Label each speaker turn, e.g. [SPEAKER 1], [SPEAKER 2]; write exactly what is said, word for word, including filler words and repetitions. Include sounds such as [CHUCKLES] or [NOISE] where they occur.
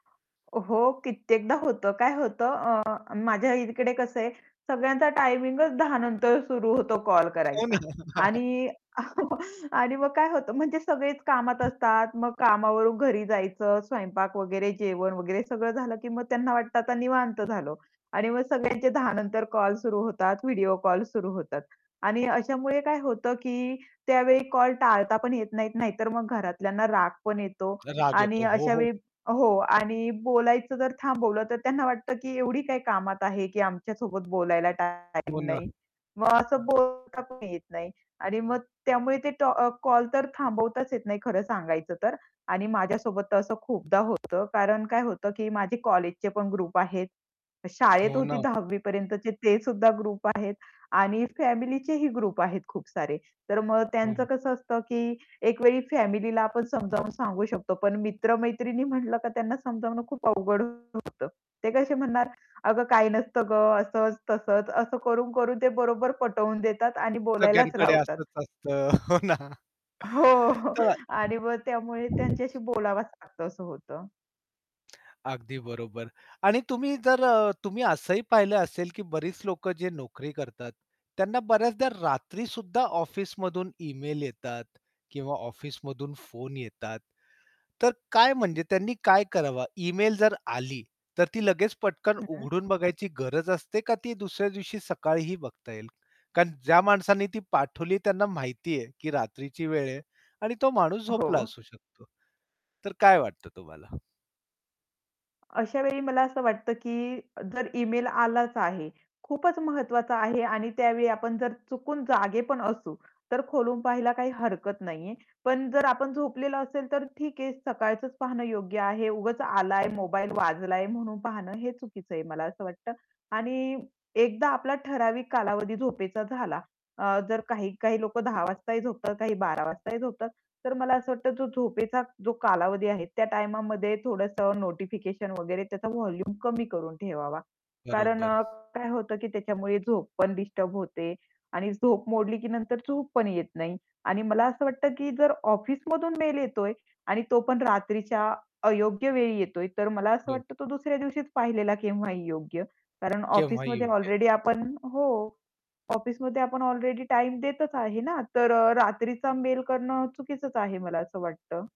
[SPEAKER 1] हो, कित्येकदा होतं, काय होतं? अ, माझ्या इकडे कसं आहे, सगळ्यांचा टायमिंगच दहा नंतर सुरु होतो कॉल
[SPEAKER 2] हो ना.
[SPEAKER 1] करायचा
[SPEAKER 2] [CHUCKLES]
[SPEAKER 1] आणि [CHUCKLES] आणि मग काय होतं, म्हणजे सगळेच कामात असतात. मग कामावरून घरी जायचं, स्वयंपाक वगैरे, जेवण वगैरे सगळं झालं की मग त्यांना वाटतं, आता निवांत झालो आणि मग सगळ्यांचे दहा नंतर कॉल सुरु होतात. व्हिडिओ कॉल सुरु होतात आणि अशामुळे काय होतं की त्यावेळी कॉल टाळता पण येत नाहीत, नाहीतर मग घरातल्यांना राग पण येतो.
[SPEAKER 2] राग
[SPEAKER 1] आणि
[SPEAKER 2] येतो. हो, हो.
[SPEAKER 1] अशावेळी हो, आणि बोलायचं जर थांबवलं तर त्यांना वाटतं की "एवढी काय कामात आहे की आमच्यासोबत बोलायला
[SPEAKER 2] हो
[SPEAKER 1] टाईम
[SPEAKER 2] ना.
[SPEAKER 1] नाही." मग असं बोलता पण येत नाही. आणि मग त्यामुळे ते टॉ अ, कॉल तर थांबवताच येत नाही खरं सांगायचं तर आणि माझ्यासोबत तर असं खूपदा होतं. कारण काय होतं की माझे कॉलेजचे पण ग्रुप आहेत. शाळेत
[SPEAKER 2] हो
[SPEAKER 1] होती
[SPEAKER 2] ना.
[SPEAKER 1] दहावी पर्यंतचे ते सुद्धा ग्रुप आहेत आणि फॅमिलीचेही ग्रुप आहेत खूप सारे. तर मग त्यांचं
[SPEAKER 2] हो.
[SPEAKER 1] कसं असतं की एक वेळी फॅमिलीला आपण समजावून सांगू शकतो. पण मित्र-मैत्रिणी म्हटलं की त्यांना समजावणं खूप अवघड होतं. ते कसे म्हणणार अ, "काही नसतं ग, असंच-तसंच." असं करून-करून ते बरोबर पटवून देतात आणि बोलायलाच
[SPEAKER 2] सगळ्यांकडे
[SPEAKER 1] लावतात.
[SPEAKER 2] असंच असतं. हो ना.
[SPEAKER 1] हो, हो आणि मग त्यामुळे त्यांच्याशी
[SPEAKER 2] [UNINTELLIGIBLE]
[SPEAKER 1] बोलावंच लागतं असं होतं.
[SPEAKER 2] अगदी बरोबर आणि तुम्ही जर अ, तुम्ही असंही पाहिलं असेल की बरीच लोक जे नोकरी करतात. त्यांना बऱ्याचदा रात्रीसुद्धा ऑफिसमधून इमेल येतात किंवा ऑफिसमधून फोन येतात. तर काय म्हणजे त्यांनी काय करावं? ईमेल जर आली, तर ती लगेच पटकन
[SPEAKER 1] हं.
[SPEAKER 2] उघडून बघायची गरज असते का, ती दुसऱ्या दिवशी सकाळीही बघता येईल? कारण ज्या माणसाने ती पाठवली त्यांना माहिती आहे की रात्रीची वेळ आहे आणि तो माणूस झोपला
[SPEAKER 1] हो.
[SPEAKER 2] असू शकतो. तर काय वाटतं तुम्हाला?
[SPEAKER 1] अशावेळी मला असं वाटतं की जर इमेल आलाच आहे, खूपच महत्वाचा आहे आणि त्यावेळी आपण जर चुकून जागे पण असू, तर खोलून पाहायला काही हरकत नाहीये. पण जर आपण झोपलेलं असेल, तर ठीक आहे सकाळचंच पाहणं योग्य आहे उगाच आलाय मोबाईल वाजलाय म्हणून पाहणं हे चुकीचं आहे मला असं वाटतं. आणि एकदा आपला ठराविक कालावधी झोपेचा झाला अ, जर काही-काही लोक दहा वाजताही झोपतात काही बारा वाजताही झोपतात. तर मला असं वाटतं जो झोपेचा जो कालावधी आहे त्या टाईममध्ये थोडंस नोटिफिकेशन वगैरे त्याचा व्हॉल्यूम कमी करून ठेवावा. कारण
[SPEAKER 2] बरोबर.
[SPEAKER 1] अ, काय होतं की त्याच्यामुळे झोप पण डिस्टर्ब होते आणि झोप मोडली की नंतर झोप पण येत नाही. आणि मला असं वाटतं की जर ऑफिसमधून मेल येतोय आणि तो पण रात्रीच्या अयोग्य वेळी येतोय तर मला असं
[SPEAKER 2] हो.
[SPEAKER 1] वाटतं तो दुसऱ्या दिवशीच पाहिलेला केव्हाही योग्य. कारण
[SPEAKER 2] केव्हाही
[SPEAKER 1] ऑफिसमध्ये
[SPEAKER 2] योग्य आहे.
[SPEAKER 1] ऑलरेडी आपण हो, ऑफिसमध्ये आपण ऑलरेडी टाईम देतच आहे ना, तर अ, रात्रीचा मेल करणं चुकीचंच आहे मला असं वाटतं.